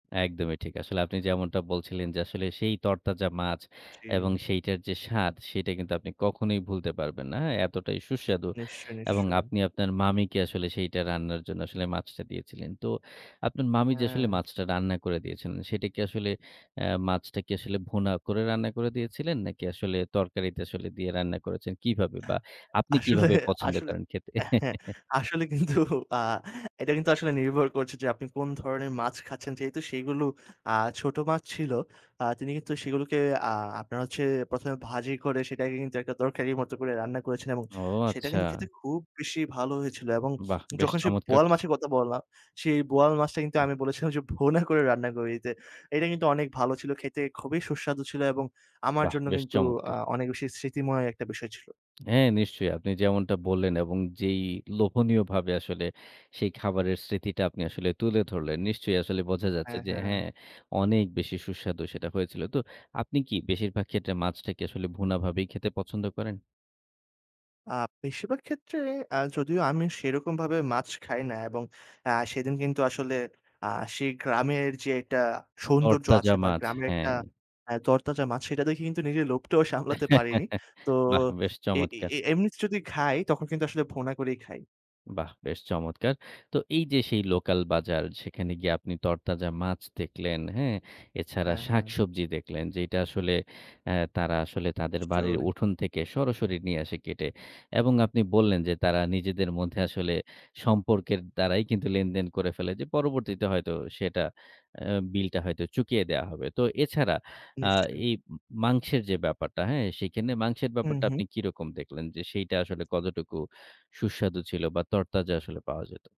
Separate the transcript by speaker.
Speaker 1: একদমই ঠিক। আসলে আপনি যেমনটা বলছিলেন যে আসলে সেই তরতাজা মাছ, এবং
Speaker 2: জি।
Speaker 1: সেইটার যে স্বাদ সেটা কিন্তু আপনি কখনোই ভুলতে পারবেন না। হ্যাঁ? এতটাই সুস্বাদু
Speaker 2: নিশ্চই,
Speaker 1: এবং
Speaker 2: নিশ্চয়ই।
Speaker 1: আপনি আপনার মামিকে আসলে সেইটা রান্নার জন্য আসলে মাছটা দিয়েছিলেন। তো আপনার মামি যে আসলে
Speaker 2: হ্যাঁ।
Speaker 1: মাছটা রান্না করে দিয়েছিলেন, সেটা কি আসলে আ মাছটা কি আসলে ভুনা করে রান্না করে দিয়েছিলেন? নাকি আসলে তরকারিতে আসলে দিয়ে রান্না করেছেন কিভাবে বা আপনি
Speaker 2: আসলে,
Speaker 1: কিভাবে পছন্দ
Speaker 2: আসলে
Speaker 1: করেন খেতে?
Speaker 2: হ্যাঁ, আসলে কিন্তু আ এটা কিন্তু আসলে নির্ভর করছে যে আপনি কোন ধরনের মাছ খাচ্ছেন। যেহেতু সেগুলো আ ছোট মাছ ছিল। আ তিনি কিন্তু সেগুলোকে আ আপনার হচ্ছে ১ম এ ভাজি করে সেটাকে কিন্তু একটা তরকারির মতো করে রান্না করেছেন এবং
Speaker 1: ও,
Speaker 2: সেটা কিন্তু
Speaker 1: আচ্ছা।
Speaker 2: খেতে খুব বেশি ভালো হয়েছিল। এবং
Speaker 1: বাহ! বেশ
Speaker 2: যখন সেই
Speaker 1: চমৎকার
Speaker 2: বোয়াল
Speaker 1: তো।
Speaker 2: মাছের কথা বললাম সেই বোয়াল মাছটা কিন্তু
Speaker 1: হু।
Speaker 2: আমি বলেছিলাম যে ভুনা করে রান্না করে দিতে। এটা কিন্তু অনেক ভালো ছিল খেতে, খুবই সুস্বাদু ছিল এবং আমার
Speaker 1: বাহ!
Speaker 2: জন্য
Speaker 1: বেশ
Speaker 2: কিন্তু আ
Speaker 1: চমৎকার।
Speaker 2: অনেক বেশি স্মৃতিময় একটা বিষয় ছিল।
Speaker 1: হ্যাঁ, নিশ্চয়ই। আপনি যেমনটা বললেন, এবং যেই লোভনীয়ভাবে আসলে সেই খাবারের স্মৃতিটা আপনি আসলে তুলে ধরলেন। নিশ্চয়ই আসলে বোঝা যাচ্ছে
Speaker 2: হ্যাঁ,
Speaker 1: যে
Speaker 2: হ্যাঁ।
Speaker 1: হ্যাঁ, অনেক বেশি সুস্বাদু সেটা হয়েছিল। তো আপনি কি বেশিরভাগ ক্ষেত্রে মাছটাকে আসলে ভুনাভাবেই খেতে পছন্দ করেন?
Speaker 2: আ বেশিরভাগ ক্ষেত্রে আ যদিও আমি সেরকমভাবে মাছ খাই না এবং আ সেদিন কিন্তু আসলে আ সেই গ্রামের যে একটা সৌন্দর্য আছে
Speaker 1: তরতাজা
Speaker 2: বা
Speaker 1: মাছ,
Speaker 2: গ্রামের একটা
Speaker 1: হ্যাঁ।
Speaker 2: আ তরতাজা মাছ সেটা দেখে কিন্তু নিজের লোভটাও সামলাতে পারিনি। তো
Speaker 1: বাহ! বেশ
Speaker 2: এ
Speaker 1: চমৎকার।
Speaker 2: এ এমনিতে যদি খাই তখন কিন্তু আসলে ভুনা করেই খাই।
Speaker 1: বাহ! বেশ চমৎকার। তো এই যে সেই লোকাল বাজার সেখানে গিয়ে আপনি তরতাজা মাছ দেখলেন, হ্যাঁ? এছাড়া
Speaker 2: হ্যাঁ, হ্যাঁ।
Speaker 1: শাকসবজি দেখলেন, যেইটা আসলে আ তারা আসলে তাদের বাড়ির
Speaker 2: নিশ্চয়ই।
Speaker 1: উঠোন থেকে সরাসরি নিয়ে আসে কেটে। এবং আপনি বললেন যে তারা নিজেদের মধ্যে আসলে সম্পর্কের দ্বারাই কিন্তু লেনদেন করে ফেলে যে পরবর্তীতে হয়তো সেটা আ বিলটা হয়তো চুকিয়ে দেয়া হবে। তো এছাড়া আ
Speaker 2: নিশ্চয়ই।
Speaker 1: এই মাংসের যে ব্যাপারটা, হ্যাঁ? সেখানে মাংসের
Speaker 2: হু,
Speaker 1: ব্যাপারটা
Speaker 2: হু।
Speaker 1: আপনি কিরকম দেখলেন? যে সেইটা আসলে কতটুকু সুস্বাদু ছিল? বা তরতাজা আসলে পাওয়া যেত?